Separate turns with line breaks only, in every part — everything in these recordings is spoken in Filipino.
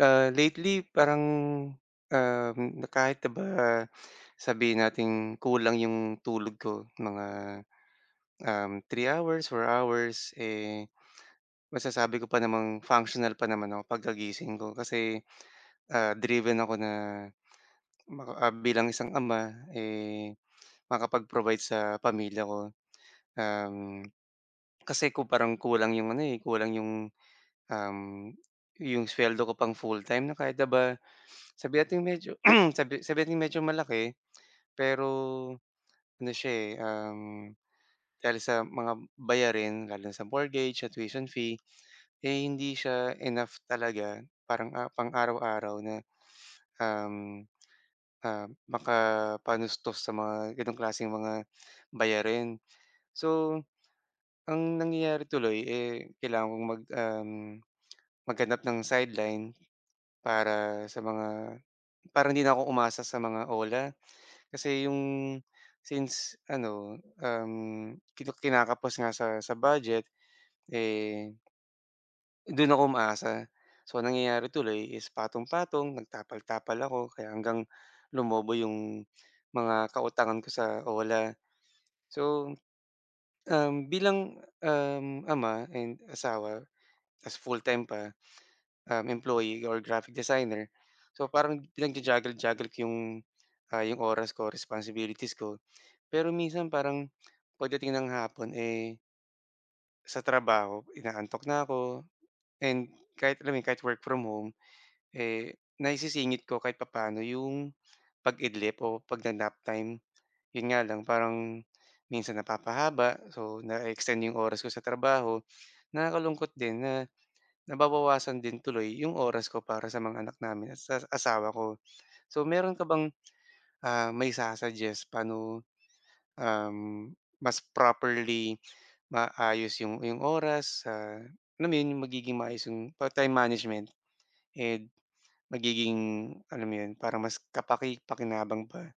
Ah, lately parang, um, na kahit ba sabihin nating kulang yung tulog ko mga, um, 3 hours, 4 hours, eh, masasabi ko pa namang functional pa naman ako pagkagising ko. Kasi, ah, driven ako na maka ah, bilang isang ama, eh, makapag-provide sa pamilya ko. Um, kasi kung parang kulang 'yong ano eh, kulang 'yong, um, 'yong suweldo ko pang full-time na kahit na ba sabihin nating medyo sabi sabi nating medyo malaki pero ano siya eh, um, dahil sa mga bayarin lalo na sa mortgage, sa tuition fee, eh hindi siya enough talaga parang ah, pang-araw-araw na, um, ah, makapanustos sa mga ganong klaseng mga bayarin. So, ang nangyayari tuloy eh, kailangan kong mag um, maghanap ng sideline para sa mga para hindi na ako umasa sa mga OLA. Kasi 'yong since ano, um, kina kinakapos nga sa sa budget eh doon ako umaasa. So, ang nangyayari tuloy is patong-patong, nagtapal-tapal ako, kaya hanggang lumobo 'yong mga kautangan ko sa OLA. So, um, bilang, um, ama and asawa ta's full-time pa, um, employee or graphic designer, so parang pinag-ju-juggle juggle ko 'yong, ah, 'yong oras ko, responsibilities ko. Pero minsan parang, pagdating ng hapon eh Sa trabaho inaantok na ako and kahit, alam mo yun, kahit work from home, eh, naisisingit ko kahit papaano 'yong pag-idlip o pagna-naptime. 'Yon nga lang parang minsan napapahaba, so na-e-extend 'yong oras ko sa trabaho. Nakakalungkot din na nababawasan din tuloy 'yong oras ko para sa mga anak namin at sa asawa ko. So meron ka bang mai-su-suggest, paano, um, mas properly maaayos yung yung oras sa alam yun yung magiging maayos yung pa time management and magiging alam mo yun, para mas kapakipakinabang pa?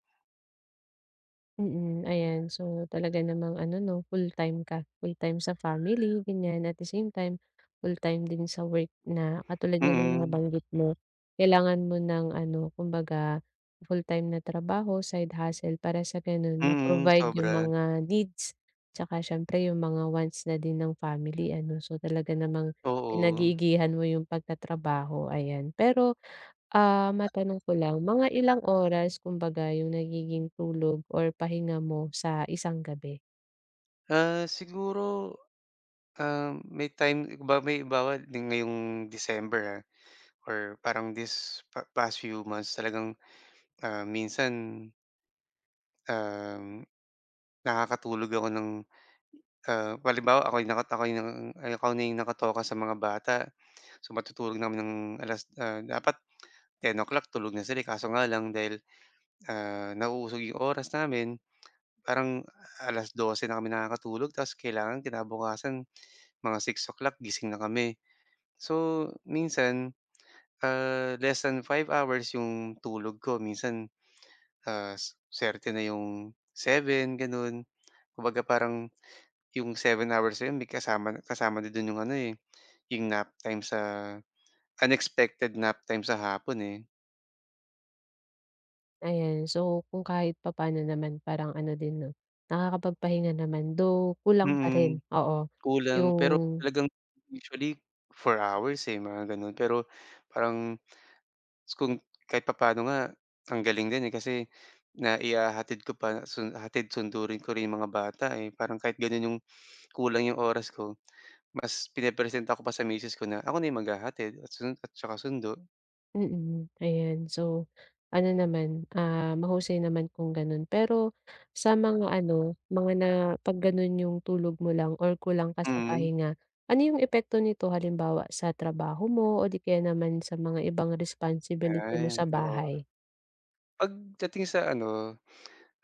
Mm. Ayan, so talaga namang ano no, fulltime ka, fulltime sa family, ganyan, at the same time full-time din sa work. Na katulad nga ng
Mm.
nabanggit mo, kailangan mo ng ano, kumbaga fulltime na trabaho, side hustle para sa gano'n
Mm.
ma-provide yung
Sobra.
mga needs, tsaka siyempre yung mga wants na din ng family ano, so talaga namang
Oo.
pinag-iigihan mo yung pagtatrabaho ayan. Pero, ah matanong ko lang, mga ilang oras kumbaga yung nagiging tulog or pahinga mo sa isang gabi?
Ah siguro, ah, may time limba halimbawa ding ngayong December, ah, or parang this pa past few months talagang, ah, minsan um, nakakatulog ako ng, ah, halimbawa ako'y nakatokay ng ako na yung nakatoka sa mga bata, so matutulog na kami ng alas ah, dapat 10:00 tulog na sila eh, kaso nga lang dahil, ah, nauusog 'yong oras namin, parang 12:00 na kami nakakatulog tapos kailangan kinabukasan mga 6:00 gising na kami. So minsan, ah, less than 5 hours 'yong tulog ko minsan, ah, suwerte na 'yong 7, ganon. Kumbaga parang 'yong 7 hours na 'yon may kasama na kasama niya do'n 'yong ano eh, 'yong naptime sa unexpected naptime sa hapon eh.
Ayan. So, kung kahit papaano naman parang ano din 'no, nakakapagpahinga naman, though, kulang pa
Mm.
rin, oo.
Kulang pero
Yung
talagang usually 4 hours eh, mga ganon. Pero parang, kung kahit papaano nga, ang galing din kasi na ihahatid ko pa sun hatid sundo rin ko rin 'yong mga bata eh, parang kahit gano'n 'yong kulang 'yong oras ko, mas pinepresenta ko pa sa miss ko na ako na yung maghahatid at sun at saka sundo.
Mhm, ayan, so ano naman, ah, mahusay naman kung gano'n. Pero sa mga ano, mga na 'pag ganon 'yong tulog mo lang or kulang ka sa
Mhm.
pahinga, ano 'yong epekto nito halimbawa sa trabaho mo o di kaya naman sa mga ibang responsibility mo
Ay,
sa
oo.
bahay?
Pagdating sa ano,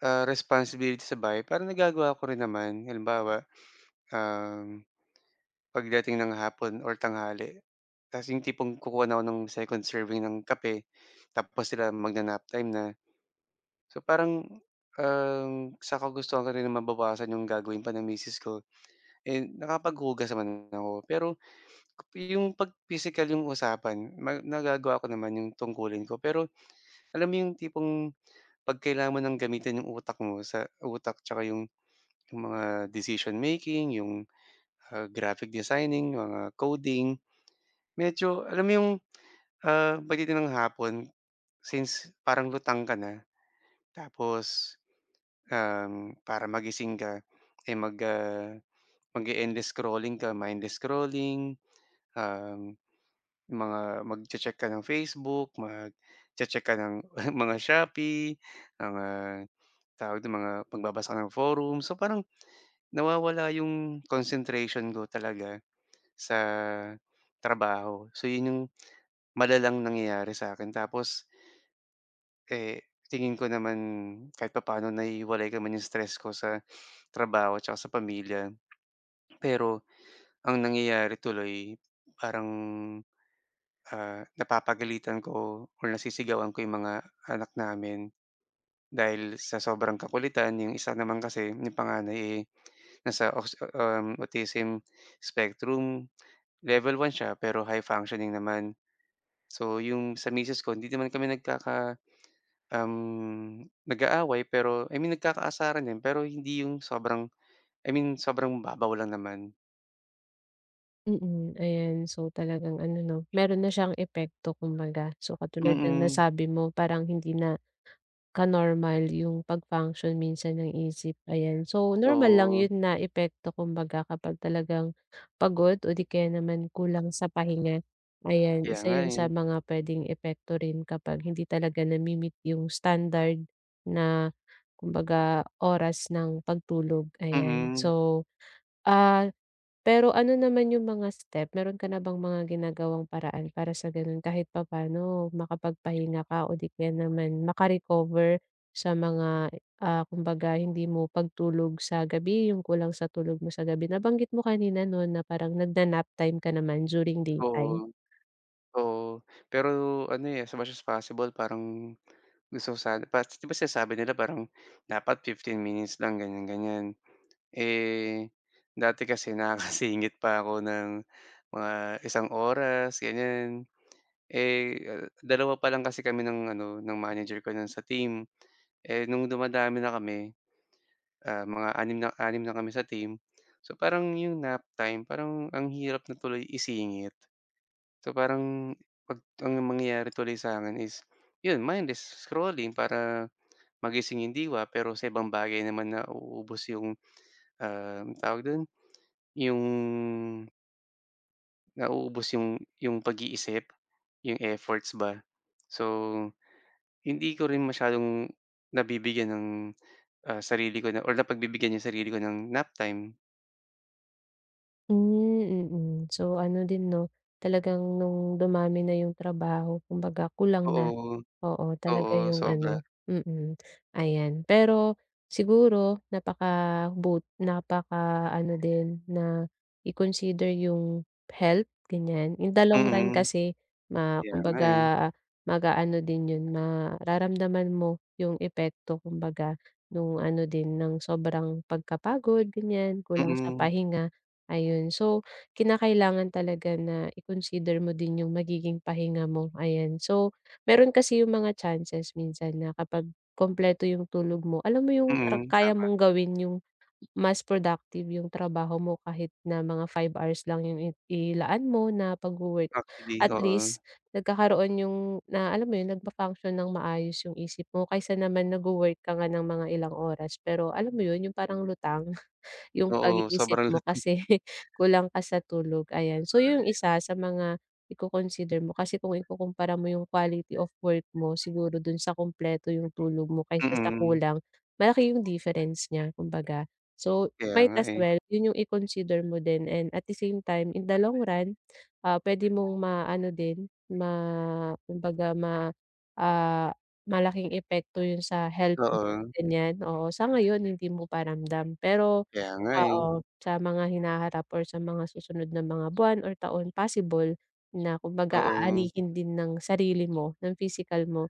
ah, responsibility sa bahay parang nagagawa ko rin naman halimbawa, um, pagdating ng hapon or tanghali 'tas 'yong tipong kukuha na ako ng second serving ng kape tapos sila magna-nap time na. So parang, um, sa kagustuhan ko rin na mabawasan 'yong gagawin pa ng misis ko, eh, nakapaghugas naman ako pero 'yong 'pag pisikal 'yong usapan ma nagagawa ko naman 'yong tungkulin ko. Pero alam mo 'yong tipong, 'pag kailangan mo ng gamitin 'yong utak mo sa utak 'tsaka 'yong 'yong mga decision making, 'yong, ah, graphic designing, mga coding, medyo alam mo 'yong, ah, pagdating ng hapon since parang lutang ka na tapos, um, para magising ka eh, mag, ah, mag-e-endless scrolling ka, mindless scrolling, ah, mga magche-check ka ng Facebook, magche-check ka ng mga Shopee ah, tawag nito, mga magbabasa ka ng forum, so parang nawawala 'yong concentration ko talaga sa trabaho. So 'yon 'yong malalang nangyayari sa akin tapos eh, tingin ko naman kahit papano nahihiwalay ka 'yong stress ko sa trabaho 'tsaka sa pamilya. Pero, ang nangyayari tuloy parang, ah, napapagalitan ko or nasisigawan ko 'yong mga anak namin, dahil sa sobrang kakulitan. 'Yong isa naman kasi 'yong panganay eh, nasa aus um, Autism Spectrum Level 1 s'ya pero high functioning naman. So 'yong sa misis ko hindi naman kami nagkaka um, nag-aaway pero I mean nagkakaasaran din pero hindi 'yong sobrang I mean sobrang babaw lang naman.
Mm, ayan. So, talagang ano 'no meron na siyang epekto, kumbaga. So, katulad ng
Mm.
nasabi mo parang hindi na ka-normal yung pag-function minsan ang isip, ayan. So, normal lang
Oh.
yun na epekto kumbaga kapag talagang pagod o di kaya naman kulang sa pahinga, ayan,
Kaya
isa
nga,
yun sa
eh.
mga puwedeng epekto rin kapag hindi talaga nami-meet yung standard na kumbaga oras ng pagtulog, ayan.
Mm.
So, ah, pero ano naman yung mga step meron ka na bang mga ginagawang paraan para sa ganun kahit papaano makapagpahinga ka o di kaya naman maka-recover sa mga, ah, kumbaga hindi mo pagtulog sa gabi, yung kulang sa tulog mo sa gabi. Nabanggit mo kanina 'no na parang nagna-nap time ka naman during daytime.
Oo. Oo, pero ano, eh, as much as possible parang gusto ko sana par 'di ba sinasabi nila parang dapat 15 minutes lang, ganyan-ganyan. Eh, dati kasi nakakasingit pa ako ng mga isang oras, ganyan. Eh, 2 pa lang kasi kami ng ano, ng manager ko no'n sa team. Eh, no'ng dumadami na kami, ah, mga 6 na 6 na kami sa team so, parang 'yong nap time parang ang hirap na tuloy isingit. So, parang 'pag ang mangyayari tuloy sa'kin is 'yon, mindless scrolling para magising 'yong diwa, pero sa ibang bagay naman nauubos 'yong, um, tawag do'n, 'yong Nauubos 'yong 'yong pag-iisip, 'yong efforts ba. So, hindi ko rin masyadong nabibigyan ng, ah, sarili ko na or napagbibigyan 'yong sarili ko ng nap time.
Hmm, mm. So ano din 'no, talagang nung dumami na yung trabaho kumbaga kulang na,
Oo.
oo, talaga
Oo,
yung
sobra.
ano mm. Ayan, pero siguro napakabut napaka-ano din na i-consider yung health, ganyan. In the long run
Mm.
kasi ma
Kaya nga eh.
kumbaga mag-aano din yun, mararamdaman mo yung epekto kumbaga, nung ano din ng sobrang pagkapagod, ganyan, kulang sa
Mm.
pahinga. Ayun, so, kinakailangan talaga na i-consider mo din yung magiging pahinga mo, ayan. So meron kasi yung mga chances minsan na kapag kumpleto yung tulog mo, alam mo yung ka
Mm,
kaya
tama.
mong gawin yung mas productive yung trabaho mo kahit na mga 5 hours lang yung i ilaan mo na pagwo-work.
Actually,
At
oo.
least nagkakaroon yung na alam mo yun, nag-function ng maayos yung isip mo, kaysa naman nagwo-work ka nga ng mga ilang oras pero alam mo yun yung parang lutang yung
Oo
pag-iisip
sobrang
mo kasi kulang ka sa tulog, ayan. So yung isa sa mga iko-consider mo kasi kung ikukumpara mo yung quality of work mo siguro dun sa kumpleto yung tulog mo kaysa sa
Mm.
kulang, malaki yung difference niya kumbaga. So
Kaya
might
nga
as
eh.
well yun yung i-consider mo din and at the same time, in the long run, ah, pwede mong maano din ma kumbaga ma ah, malaking epekto yun sa health mo
Oo.
ganyan, oo. Sa ngayon hindi mo pa ramdam pero
Kaya nga eh.
oo, sa mga hinaharap or sa mga susunod na mga buwan or taon possible na kumbaga
Oo.
aanihin din ng sarili mo, ng pisikal mo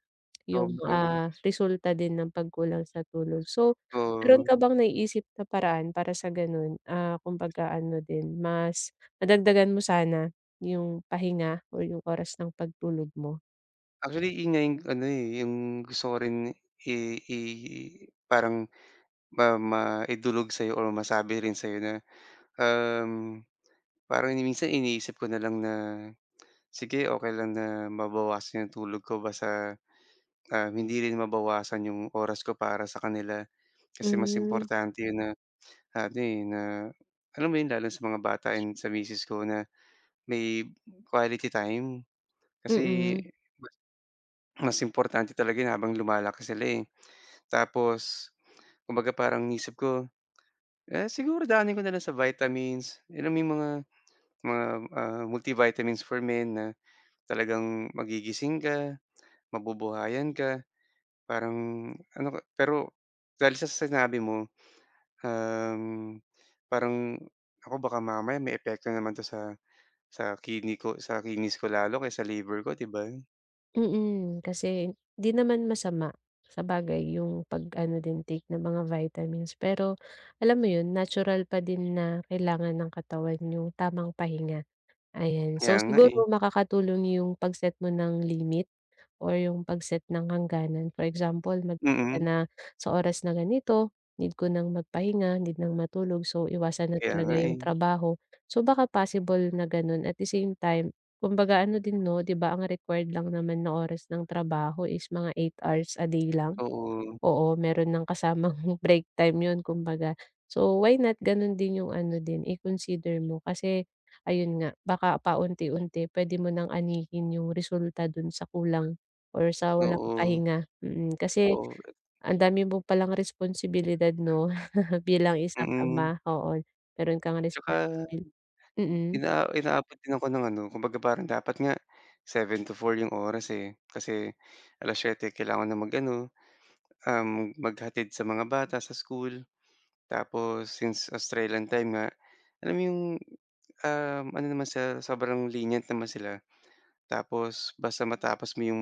yung,
Sobra.
ah, resulta din ng pagkulang sa tulog. So meron
Oo.
ka bang naiisip na paraan para sa ganon, ah, kumbaga ano din mas nadagdagan mo sana yung pahinga o yung oras ng pagtulog mo?
Actually 'yun nga 'yung ano, eh, 'yung gusto ko rin i i i parang ma maidulog sa'yo or masabi rin sa'yo na, um parang minsan iniisip ko na lang na, sige okey lang na mabawasan 'yong tulog ko basta, ah, hindi rin mabawasan 'yong oras ko para sa kanila. Kasi mas
Hmm.
importante 'yon na, ano, eh, na, alam mo 'yon lalo sa mga bata, and sa misis ko na, may quality time. Kasi,
Mm.
[unintelligible] mas importante talaga habang lumalaki sila, eh. Tapos, kumbaga parang iniisip ko, ah, siguro daanin ko na lang sa vitamins alam mo 'yung mga, mga, ah, multivitamins for men na talagang magigising ka, mabubuhayan ka. Parang ano ka pero dahil sa sinabi mo, um, parang nako baka mamaya may epekto naman 'to sa, sa kidney ko sa kidneys ko lalo o sa liver ko, 'di ba?
Mm, kasi 'di naman masama, sabagay yung pag-ano, din take ng mga vitamins, pero alam mo 'yun natural pa din na kailangan ng katawan yung tamang pahinga, ayan.
Kaya
So
nga,
siguro
eh.
makakatulong yung pag-set mo ng limit or yung pag-set ng hangganan. For example, mag ka
Mm.
na sa oras na ganito, need ko ng magpahinga, need ng matulog. So, iwasan na
Kaya
talaga
nga,
yung
eh.
trabaho. So, baka possible na gano'n at the same time, kumbaga ano din, 'no, 'di ba, ang required lang naman na oras ng trabaho is mga 8 hours a day lang?
Oo.
Oo, meron ng kasamang break time 'yun kumbaga, so why not gano'n din yung ano din, i-consider mo kasi ayun nga, baka paunti-unti pwede mo ng anihin yung resulta do'n sa kulang or sa walang
Oo.
pahinga mm, kasi
Oo, eh
ang dami mo palang responsibilidad, 'no, bilang isang
Mm.
ama, oo, meron kang
'Tsaka,
responsibil mm.
inaa inaabot din ako ng ano kumbaga parang dapat nga 7-4 'yong oras, eh, kasi 7:00 kailangan ng mag-ano, um, maghatid sa mga bata sa school. Tapos since Australian time nga, alam mo 'yong, um, ano naman sila sobrang lenient naman sila. Tapos basta matapos mo 'yong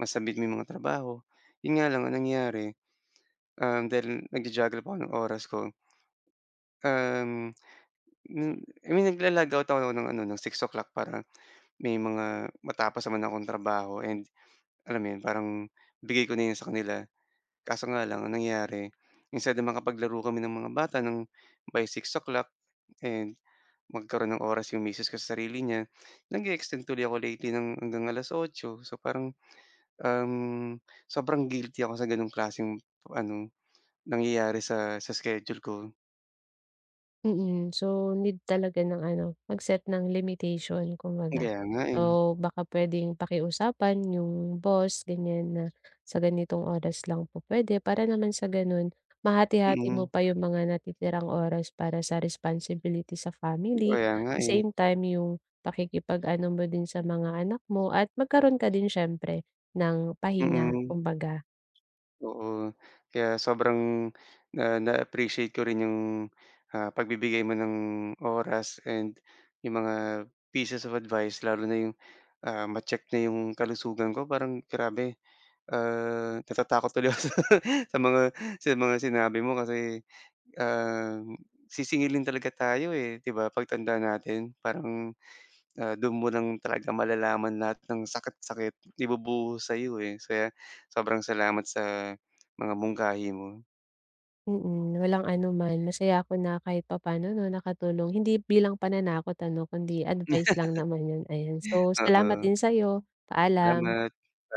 masubmit mo 'yong mga trabaho 'yon nga lang ang nangyari, um, dahil nagja-juggle pa ako ng oras ko um, n nagla-log out ako ng ano ng 6:00 para may mga matapos naman akong trabaho and alam mo 'yon parang bigay ko na 'yun sa kanila. Kaso nga lang ang nangyari, instead na makapaglaro kami ng mga bata ng by 6:00 and magkaroon ng oras 'yong misis ko sa sarili niya, nag-e-extend tuloy ako lately ng hanggang alas 8 so parang, um, sobrang guilty ako sa gano'ng klaseng ano, nangyayari sa, sa schedule ko.
Mm, so need talaga ng ano mag-set ng limitation kumbaga,
Kaya nga eh.
o baka pwedeng pakiusapan yung boss ganyan na sa ganitong oras lang po pwede, para naman sa ganun mahati-hati mo
Mm.
pa yung mga natitirang oras para sa responsibility sa family,
Kaya nga
the
eh.
same time yung pakikipag-ano mo din sa mga anak mo at magkaroon ka din syempre ng pahinga,
Mm.
kumbaga.
Oo, kaya sobrang na na-appreciate ko rin 'yong, ah, pagbibigay mo ng oras and 'yong mga pieces of advice lalo na 'yong, ah, ma-check na 'yong kalusugan ko parang grabe, ah, natatakot tuloy ako sa sa mga sa mga sinabi mo kasi, ah, sisingilin talaga tayo eh, 'di ba 'pag tanda natin parang, ah, dun mo lang talaga malalaman lahat ng sakit-sakit ibubuhos sa'yo eh. So yan, sobrang salamat sa mga mungkahi mo.
Mm, walang anuman. Masaya ako na kahit papano 'no nakatulong. Hindi bilang pananakot ano, kundi advice lang naman yun, ayan. So salamat
Oo.
din sa'yo, paalam.
Salamat, paa